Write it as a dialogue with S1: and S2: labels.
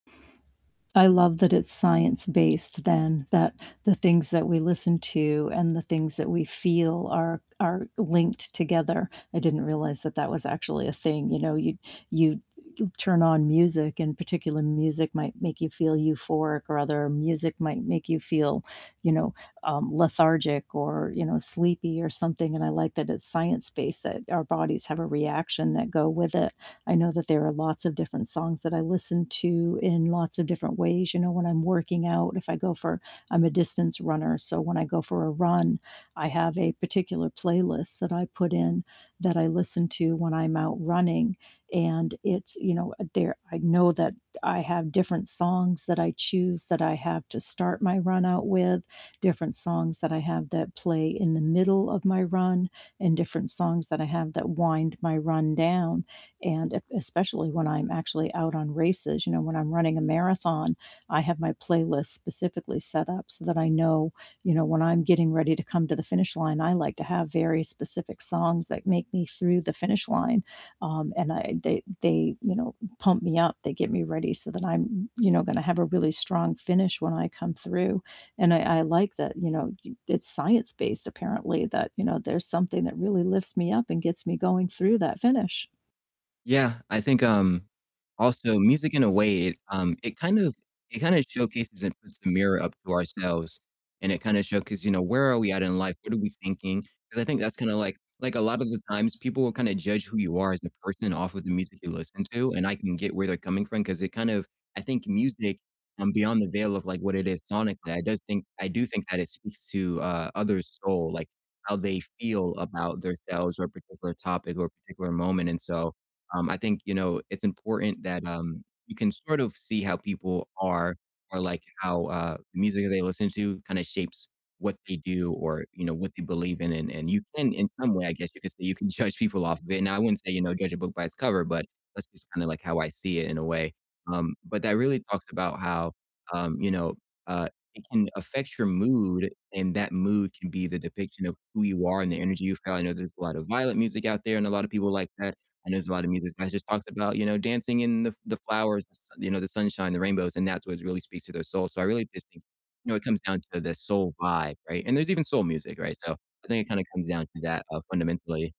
S1: I love that it's science based then that the things that we listen to, and the things that we feel are are linked together. I didn't realize that that was actually a thing, you know, y you turn on music, and particular music might make you feel euphoric, or other music might make you feel, you know, um, lethargic, or, you know, sleepy, or something, and I like that it's science based, that our bodies have a reaction that go with it. I know that there are lots of different songs that I listen to in lots of different ways. You know, when I'm working out, if I go for I'm a distance runner, so, when I go for a run, I have a particular playlist that I put in that I listen to when I'm out running. And it's, you know, there I know that I have different songs that I choose that I have to start my run out with, different songs that I have that play in the middle of my run, and different songs that I have that wind my run down. And ep especially when I'm actually out on races, you know, when I'm running a marathon, I have my playlist specifically set up, so, that I know, you know, when I'm getting ready to come to the finish line, I like to have very specific songs that make me through the finish line. Um, and uh they they you know, pump me up. They get me ready so that I'm, m you know, going to have a really strong finish when I come through. And I I like that, you know, you it's science based apparently that, you know, there's something that really lifts me up and gets me going through that finish.
S2: Yeah, I think, um, also music in a way it, um it kind of it kinda showcases, and puts a mirror up to ourselves, and it kinda show 'cause, you know, where are we at in life? What are we thinking? 'Cause I think that's kind of like like, a lot of the times people will kind of judge who you are as a person off of the music you listen to, and I can get where they're coming from 'cause it kind of, I think music, um, beyond the veil of like what it is sonically, I does think I do think that it speaks to, uh, others' soul, like how they feel about their selves, or a particular topic, or a particular moment, and, so, um, I think, you know, it's important that, um, you can sort of see how people are or like how, uh, the music that they listen to kind of shapes what they do, or, you know, what they believe in. And and you can in some way, I guess you could say, "You can judge people off of it." Now I wouldn't say, you know, judge a book by its cover, but that's just kinda like, how I see it in a way. Um, but that really talks about how, um, you know, uh, it can affect your mood, and that mood can be the depiction of who you are and the energy you feel. I know there's a lot of violent music out there, and a lot of people like that. I know there's a lot of music that just talks about, you know, dancing in the the flowers, the s you know, the sunshine, the rainbows, and that's what really speaks to their soul. So, I really just think, you know, it comes down to the soul vibe, right? And there's even soul music, right? So I think it kind of comes down to that, uh, fundamentally.